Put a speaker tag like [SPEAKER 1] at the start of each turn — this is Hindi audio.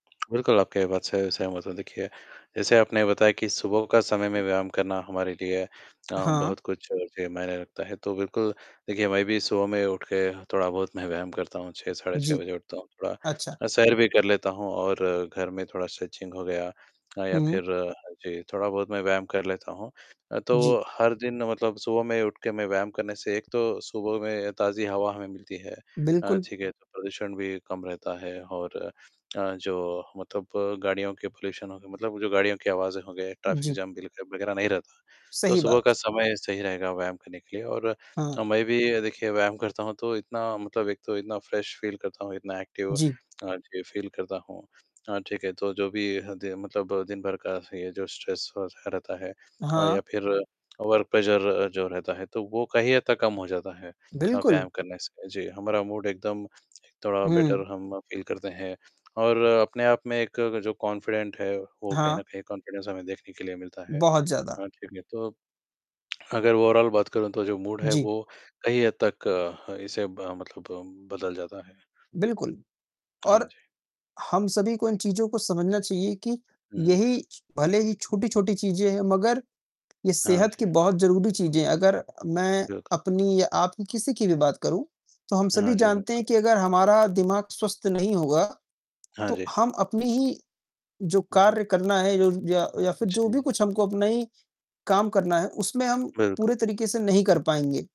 [SPEAKER 1] बिल्कुल, आपकी बात से सहमत हूँ। देखिए, जैसे आपने बताया कि सुबह का समय में व्यायाम करना हमारे लिए अ,
[SPEAKER 2] हाँ।
[SPEAKER 1] बहुत कुछ जी, मायने रखता है, तो बिल्कुल, देखिए, मैं भी सुबह में उठके हाँ, थोड़ा-बहुत मैं व्यायाम करता हूँ, 6 साढ़े 6
[SPEAKER 2] जी।
[SPEAKER 1] बजे उठता हूँ, थोड़ा
[SPEAKER 2] अच्छा।
[SPEAKER 1] अ, सैर भी कर लेता हूँ और घर में थोड़ा स्ट्रेचिंग हो गया अ, या
[SPEAKER 2] हुँ, हुँ।
[SPEAKER 1] फिर जी, थोड़ा-बहुत मैं व्यायाम कर लेता हूँ। अ,
[SPEAKER 2] जी।
[SPEAKER 1] तो हर दिन मतलब सुबह में उठके में व्यायाम करने से एक तो सुबह में ताज़ी हवा हमें मिलती है अ,
[SPEAKER 2] बिल्कुल।
[SPEAKER 1] ठीक है? तो प्रदूषण भी कम रहता है और अ, जो मतलब गाड़ियों के पॉल्यूशन होगा, मतलब जो गाड़ियों की आवाज़ें होंगे, ट्रैफिक
[SPEAKER 2] जी।
[SPEAKER 1] जैम बिलके वगैरह नहीं रहता। तो
[SPEAKER 2] सही
[SPEAKER 1] सुबह का
[SPEAKER 2] बात।
[SPEAKER 1] समय सही रहेगा व्यायाम करने के लिए और
[SPEAKER 2] हाँ।
[SPEAKER 1] मैं भी देखिए व्यायाम करता हूँ, तो इतना मतलब एक तो इतना फ्रेश फ़ील करता हूँ, इतना एक्टिव अ,
[SPEAKER 2] जी।
[SPEAKER 1] जी, फ़ील करता हूँ अ, ठीक है, तो जो भी हदें मतलब दिन भर का ये जो स्ट्रेस और ह रहता है या
[SPEAKER 2] हाँ।
[SPEAKER 1] फिर वर्क प्रेशर जो रहता है, तो वो कहीं हद तक कम हो जाता है अ,
[SPEAKER 2] बिल्कुल।
[SPEAKER 1] व्यायाम करने से। जी, हमारा मूड एकदम थोड़ा
[SPEAKER 2] हुँ।
[SPEAKER 1] बेटर हम फ़ील करते हैं, और अपने आप में एक जो कॉन्फ़िडेंट है, वो कहीं न
[SPEAKER 2] हाँ।
[SPEAKER 1] कहीं कॉन्फ़िडेंस हमें देखने के लिए मिलता है
[SPEAKER 2] बहुत ज़्यादा।
[SPEAKER 1] अ, ठीक है, तो अगर ओवरॉल बात करूँ, तो जो मूड है,
[SPEAKER 2] जी।
[SPEAKER 1] वो कहीं हद तक अ, इसे ब मतलब बदल जाता है।
[SPEAKER 2] बिल्कुल,
[SPEAKER 1] हाँ
[SPEAKER 2] और
[SPEAKER 1] जी।
[SPEAKER 2] हम सभी को इन चीज़ों को समझना चाहिए कि
[SPEAKER 1] हुँ, हुँ।
[SPEAKER 2] यही भले ही छोटी-छोटी चीज़ें हैं, मगर ये
[SPEAKER 1] हाँ
[SPEAKER 2] सेहत की
[SPEAKER 1] जी।
[SPEAKER 2] बहुत ज़रूरी चीज़ें हैं, अगर मैं
[SPEAKER 1] बिल्कुल।
[SPEAKER 2] अपनी या आपकी, किसी की भी बात करूँ, तो हम सभी
[SPEAKER 1] हाँ जी,
[SPEAKER 2] जानते हैं
[SPEAKER 1] बिल्कुल।
[SPEAKER 2] कि अगर हमारा दिमाग स्वस्थ नहीं होगा,
[SPEAKER 1] हाँ
[SPEAKER 2] तो
[SPEAKER 1] जी।
[SPEAKER 2] हम अपनी ही जो
[SPEAKER 1] हुँ, हुँ।
[SPEAKER 2] कार्य करना है, यो या या फिर जो भी
[SPEAKER 1] जी।
[SPEAKER 2] कुछ हमको अपना ही काम करना है, उसमें हम
[SPEAKER 1] बिल्कुल।
[SPEAKER 2] पूरे तरीके से नहीं कर पाएँगे।